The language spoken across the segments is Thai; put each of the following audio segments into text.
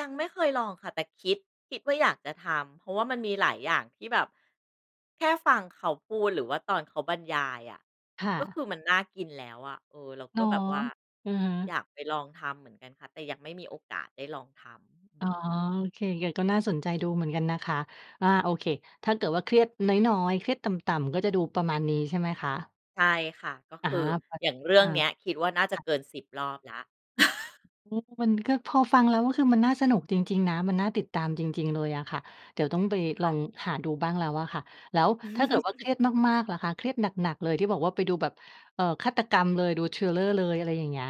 ยังไม่เคยลองค่ะ แต่คิด คิดว่าอยากจะทำ เพราะว่ามันมีหลายอย่างที่แบบ แค่ฟังเขาพูด หรือว่าตอนเขาบรรยายอะ ค่ก็คะ ือมันน่ากินแล้วอะ เออ เราอก๋็อ แบบว่า อือฮึ อยากไปลองทำเหมือนกันค่ะ แต่ยังไม่มีโอกาสได้ลองทำ ฮึ อือ๋อ อ โอเค อย่างเงี้ย ก็น่าสนใจดูเหมือนกันนะคะ อา โอเค ถ้าเกิดว่าเครียดน้อย ๆ เครียดต่ำ ๆ ก็จะดูประมาณนี้ ใช่ไหมคะ? ใช่ค่ะ ก็อะคฮืะ อ พอ อย่างเรือ่อา งเนี้ย คิดว่าน่าจคะ่ะ เกิน 10 รอบแล้ว อือฮึ มันก็ พอฟังแล้ว ก็คือมันน่าสนุกจริง ๆ นะ มันน่าติดตามจริง ๆ เลยอะค่ะ เดี๋ยวต้องไปคลอ่ะ งหาดูบ้างแล้วอะค่ะ แล้วถ้าเกิดว่าเครียดมาก ๆ ล่ะคะ เครียดหนัก ๆ เลย ที่บอกว่าไปดูแบบ เอ่อ ฆาตกรรมเลย ดู Thriller เลย อะไรอย่างเงี้ย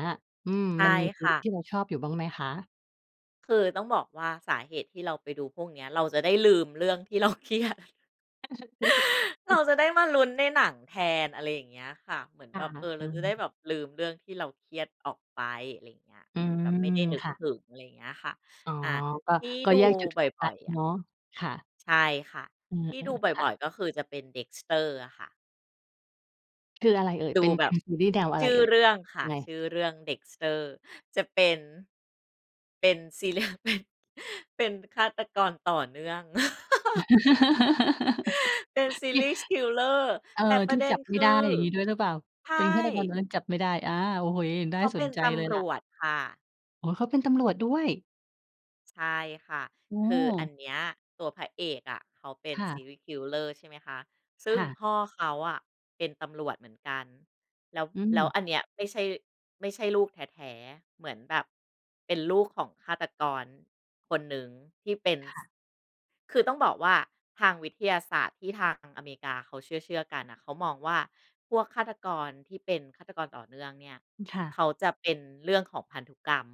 อืม ใช่มันมีซคีร่ีะ ส์ที่เราชอบอยู่บ้างไหมคะ? คือต้องบอกว่า สาเหตุที่เราไปดูพวกเนี้ย เราจะได้ลืมเรื่องที่ เราเครียด เราจะได้มาลุ้นในหนังแทน อะไรอย่างเงี้ยค่ะ เหมือนคแ่บะ บ เออ เเอราจะได้อ แบบลืมเรื่องที่เราเครียดออกไป อะไรอย่างเงี้ย อืเหมือนแบบไม่ม ได้นึกค่ะ ถึง อะไรอย่างเงี้ยค่ะ อ๋อ อา ก็ ที่ก็ดูแยกจุดบโฟกั่อสย ๆ อเะ นาะ ค่ะ ใช่ค่ะ อืที่ดูอ บๆ ค่่ะ อย ๆ ก็คือจะเป็น Dexter อะค่ะ คืออะไรเอ่ย? ดเปู็น แบเป็บ นซีรีย์แนวอะชไรื่อเอ่ย? เรื่องค่ะ ไง ชื่อเรื่อง Dexter จะเป็น เป็น ซีเรียล เป็น เป็นฆาตกรต่อเนื่อง เป็น ที่ serial killer เออ แต่ปทรี่ะเด็จันบไมค่ืไอ ด้ อย่างงี้ด้วยหรือเปล่า? ใชเป็นฆาตรกร่ ตอนนั้นจับไม่ได้ อา โอ้โฮ น่เขาาเสปน็นใจตเลยำรล่ะ วจค่ะ โอ้ เขาเป็นตำรวจด้วย? ใช่ค่ะ โอ้คโืออันฮ เนี้ย ตัวพระเอกอะเขาเป็น ค่ะ serial killer ใช่ไหมคะ ซึ่คง่ะ พ่อเขาอะเป็นตำรวจเหมือนกัน แล้ว อืแล้วม อันเนี้ย ไม่ใช่ ไม่ใช่ลูกแท้ ๆ เหมือนแบบเป็นลูกของฆาตกร คนหนึ่ง ที่เป็น คซ ่ะ คือต้องบอกว่า ทางวิทยาศาสตร์ที่ทางอเมริกาเขาเชื่อ ๆ กันอะ เขามองว่า พวกฆาตกรที่เป็นฆาตกรต่อเนื่องเนี่ย อือ ค่เะ ขาจะเป็นเรื่องของพันธุกรรม